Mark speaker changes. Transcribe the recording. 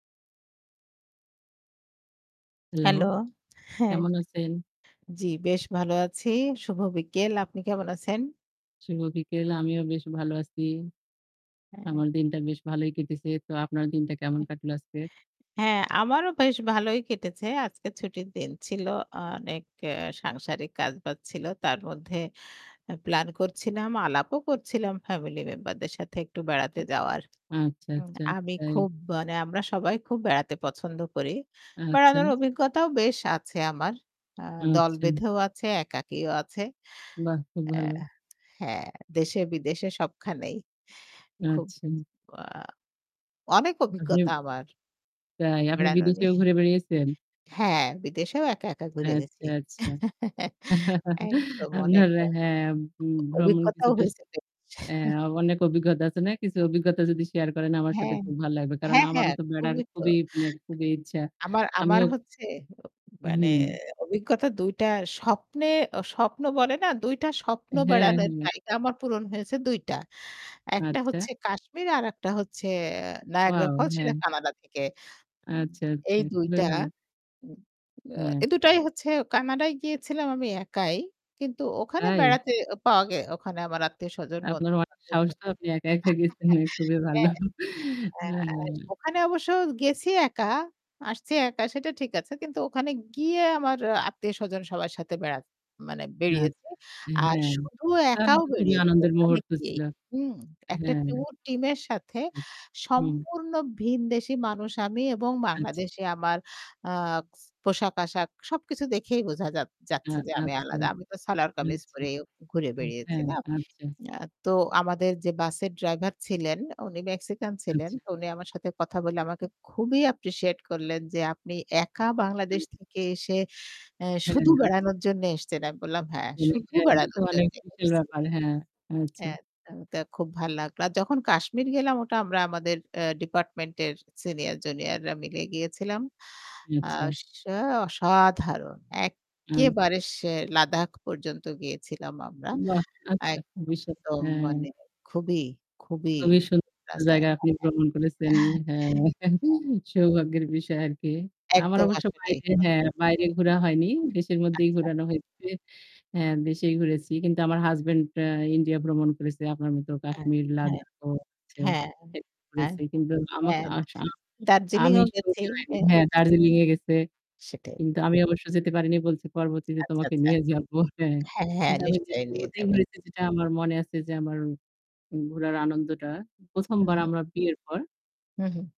Speaker 1: Hello,
Speaker 2: hello, হ্যাঁ।
Speaker 1: কেমন আছেন?
Speaker 2: জি, বেশ ভালো আছি। শুভ বিকেল। আপনি কেমন আছেন?
Speaker 1: শুভ বিকেল, আমিও বেশ ভালো আছি।
Speaker 2: হ্যাঁ।
Speaker 1: আমার দিনটা বেশ ভালোই কেটেছে। তো আপনার দিনটা কেমন কাটলো আজকে?
Speaker 2: হ্যাঁ আমারও বেশ ভালোই কেটেছে। আজকে ছুটির দিন ছিল। অনেক এ্যা সাংসারিক কাজ-বাজ ছিল। তার মধ্যে এ্যা প্লান করছিলাম, আলাপও করছিলাম ফ্যামিলি মেম্বার দের সাথে একটু বেড়াতে যাওয়ার।
Speaker 1: আচ্ছা,
Speaker 2: উ
Speaker 1: আচ্ছা,
Speaker 2: আমি
Speaker 1: তাই?
Speaker 2: খুব মানে আমরা সবাই খুব বেড়াতে পছন্দ করি।
Speaker 1: আচ্ছা।
Speaker 2: বেড়ানোর অভিজ্ঞতাও বেশ আছে আমার। আ দল
Speaker 1: আচ্ছা।
Speaker 2: বেঁধেও আছে, একাকীও আছে।
Speaker 1: বাহ! খুব
Speaker 2: অ্যা
Speaker 1: ভালো।
Speaker 2: হ্যাঁ, দেশে বিদেশে সবখানেই, খুব
Speaker 1: আচ্ছা।
Speaker 2: আ অনেক
Speaker 1: আ
Speaker 2: অভিজ্ঞতা
Speaker 1: হ্যা।
Speaker 2: আমার।
Speaker 1: তাই আপনি
Speaker 2: বেড়ানো
Speaker 1: বিদেশেও
Speaker 2: নিয়ে।
Speaker 1: ঘুরে বেড়িয়েছেন?
Speaker 2: হ্যাঁ, বিদেশেও একা, একা, ঘুরে
Speaker 1: আচ্ছা,
Speaker 2: গেছি।
Speaker 1: আচ্ছা।
Speaker 2: একদম, অনেক
Speaker 1: আপনার
Speaker 2: দ
Speaker 1: হ্যাঁ, উ ভ্রমণ
Speaker 2: অভিজ্ঞতাও
Speaker 1: কিছুটা
Speaker 2: হইছে বেশ।
Speaker 1: এ্যা অনেক অভিজ্ঞতা আছে না? কিছু অভিজ্ঞতা যদি শেয়ার করেন আমার সাথে
Speaker 2: হ্যাঁ,
Speaker 1: খুব ভালো লাগবে। কারণ
Speaker 2: হ্যাঁ,
Speaker 1: আমারও
Speaker 2: হ্যাঁ,
Speaker 1: তো বেড়ার
Speaker 2: খুবই তো।
Speaker 1: খুবই মানে খুবই ইচ্ছা।
Speaker 2: আমার, আমার
Speaker 1: আমিও
Speaker 2: হচ্ছে, অ মানে
Speaker 1: হুম।
Speaker 2: অভিজ্ঞতা ২ টা স্বপ্নে ও স্বপ্ন বলে না ২ টা স্বপ্ন
Speaker 1: হ্যাঁ,
Speaker 2: বেড়ানোর
Speaker 1: হ্যাঁ।
Speaker 2: জায়গা আমার পূরণ হয়েছে ২ টা। একটা
Speaker 1: আচ্ছা।
Speaker 2: হচ্ছে 'কাশ্মীর' আরেকটা হচ্ছে
Speaker 1: Wow,
Speaker 2: 'নায়াগ্রাফলস' সেটা
Speaker 1: হ্যাঁ।
Speaker 2: 'কানাডা' থেকে। উ
Speaker 1: আচ্ছা,
Speaker 2: এই
Speaker 1: আচ্ছা
Speaker 2: ২
Speaker 1: খুবই
Speaker 2: টা
Speaker 1: ভালো।
Speaker 2: উ আ
Speaker 1: হ্যা।
Speaker 2: এ ২ হচ্ছে 'কানাডায়' গিয়েছিলাম আমি একাই। কিন্তু ওখানে
Speaker 1: তাই।
Speaker 2: বেড়াতে এ পাওয়া গে ওখানে আমার আত্মীয়-স্বজন
Speaker 1: আপনার
Speaker 2: বন্ধু
Speaker 1: অনেক সাহস
Speaker 2: [unintelligible]
Speaker 1: তো আপনি একা, একা, গেছেন খুবই ভালো।
Speaker 2: হ্যাঁ। আস
Speaker 1: [unintelligible]
Speaker 2: ওখানে অবশ্য গেছি একা, আসছি একা, সেটা ঠিক আছে। কিন্তু ওখানে গিয়ে আমার আত্মীয়-স্বজন সবার সাথে বেরাত মানে বেড়িয়েছি।
Speaker 1: আচ্ছা,
Speaker 2: আর
Speaker 1: হ্যাঁ।
Speaker 2: শুধু
Speaker 1: তাহলে
Speaker 2: একাও
Speaker 1: তো খুবই
Speaker 2: বেড়িয়েছি
Speaker 1: আনন্দের
Speaker 2: ওখানে
Speaker 1: মুহূর্ত
Speaker 2: গিয়ে
Speaker 1: ছিল।
Speaker 2: হুম। একটা
Speaker 1: হ্যাঁ।
Speaker 2: ট্যুর টিমের সাথে
Speaker 1: জি, হুম।
Speaker 2: সম্পূর্ন ভীনদেশি মানুষ আমি, এবং
Speaker 1: আচ্ছা।
Speaker 2: বাংলাদেশে আমার আ স পোশাক-আসাক সব কিছু দেখেই বুঝা যা
Speaker 1: আ
Speaker 2: যাচ্ছে যে, আমি
Speaker 1: আচ্ছা,
Speaker 2: আলাদা। আমি তো সালওয়ার-কামিজ
Speaker 1: আচ্ছা,
Speaker 2: পরে ঘুরে
Speaker 1: উম
Speaker 2: বেড়িয়েছি
Speaker 1: হ্যাঁ,
Speaker 2: না।
Speaker 1: আচ্ছা।
Speaker 2: আ তো আমাদের যে বাসের ড্রাইভার ছিলেন উনি 'মেক্সিকান' ছিলেন।
Speaker 1: আচ্ছা।
Speaker 2: তো উনি আমার সাথে কথা বলে আমাকে খুবই অ্যাপ্রিশিয়েট করলেন যে, "আপনি একা বাংলাদেশ
Speaker 1: [unintelligible]
Speaker 2: থেকে এসে এ্যা
Speaker 1: হ্যাঁ,
Speaker 2: শুধু
Speaker 1: আচ্ছা।
Speaker 2: বেড়ানোর জন্য এসছেন?" আমি বললাম "হ্যাঁ,
Speaker 1: [unintelligible]
Speaker 2: শুধু
Speaker 1: এটা তো
Speaker 2: বেড়ানোর
Speaker 1: অনেক
Speaker 2: জন্যে
Speaker 1: বিশাল
Speaker 2: এসেছি।"
Speaker 1: ব্যাপার। হ্যাঁ, আচ্ছা।
Speaker 2: হ্যা, [unintelligible] তা খুব ভালো লাগলো। আর যখন 'কাশ্মীর' গেলাম ওটা আমরা আমাদের এ্যা ডিপার্টমেন্টের সিনিয়র জুনিয়ররা মিলে গিয়েছিলাম।
Speaker 1: আচ্ছা।
Speaker 2: আস আ অসাধারণ
Speaker 1: আ
Speaker 2: একেবারে সেই 'লাদাখ' পর্যন্ত গিয়েছিলাম আমরা।
Speaker 1: বাহ্! আচ্ছা,
Speaker 2: এক
Speaker 1: [unintelligible]
Speaker 2: দম
Speaker 1: হ্যাঁ।
Speaker 2: মানে খুবই, খুবই,
Speaker 1: খুবই সুন্দর
Speaker 2: রাস্তায়
Speaker 1: জায়গা আপনি ভ্রমণ করেছেন।
Speaker 2: [unintelligible]
Speaker 1: হ্যাঁ সৌভাগ্যের বিষয় আরকি। আমার
Speaker 2: একদম
Speaker 1: অবশ্য
Speaker 2: আসলেই
Speaker 1: বাইরে
Speaker 2: হুম।
Speaker 1: হ্যাঁ বাইরে ঘোরা হয়নি। দেশের মধ্যেই
Speaker 2: আচ্ছা।
Speaker 1: ঘুরানো হয়েছে। হ্যাঁ, দেশেই ঘুরেছি। কিন্তু আমার হাসব্যান্ড আ 'ইন্ডিয়া' ভ্রমণ করেছে। আপনার মতো
Speaker 2: আ
Speaker 1: 'কাশ্মীর'
Speaker 2: হ্যাঁ,
Speaker 1: 'লাদাখ' ও হচ্ছে
Speaker 2: হ্যাঁ,
Speaker 1: এহ
Speaker 2: হ্যাঁ,
Speaker 1: ঘুরেছে কিন্তু আমাক
Speaker 2: হ্যাঁ,
Speaker 1: আ [unintelligible] আমি
Speaker 2: দার্জিলিংও গেছি।
Speaker 1: সঙ্গী হয়নি।
Speaker 2: এ্যা
Speaker 1: হ্যাঁ 'দার্জিলিং' এ গেছে।
Speaker 2: সেটাই।
Speaker 1: কিন্তু আমি অবশ্যই যেতে পারিনি বলছে পরবর্তীতে
Speaker 2: আচ্ছা,
Speaker 1: তোমাকে
Speaker 2: আচ্ছা।
Speaker 1: নিয়ে যাব হ্যাঁ,
Speaker 2: হ্যাঁ, হ্যাঁ,
Speaker 1: কিন্তু আমি
Speaker 2: নিশ্চয়ই
Speaker 1: দেশের
Speaker 2: নিয়ে
Speaker 1: মধ্যেই
Speaker 2: যাবেন।
Speaker 1: ঘুরেছি যেটা আমার মনে আছে যে আমার ঘোরার আনন্দটা। ১ম
Speaker 2: হু,
Speaker 1: বার
Speaker 2: হু।
Speaker 1: আমরা বিয়ের পর
Speaker 2: হুম, হুম।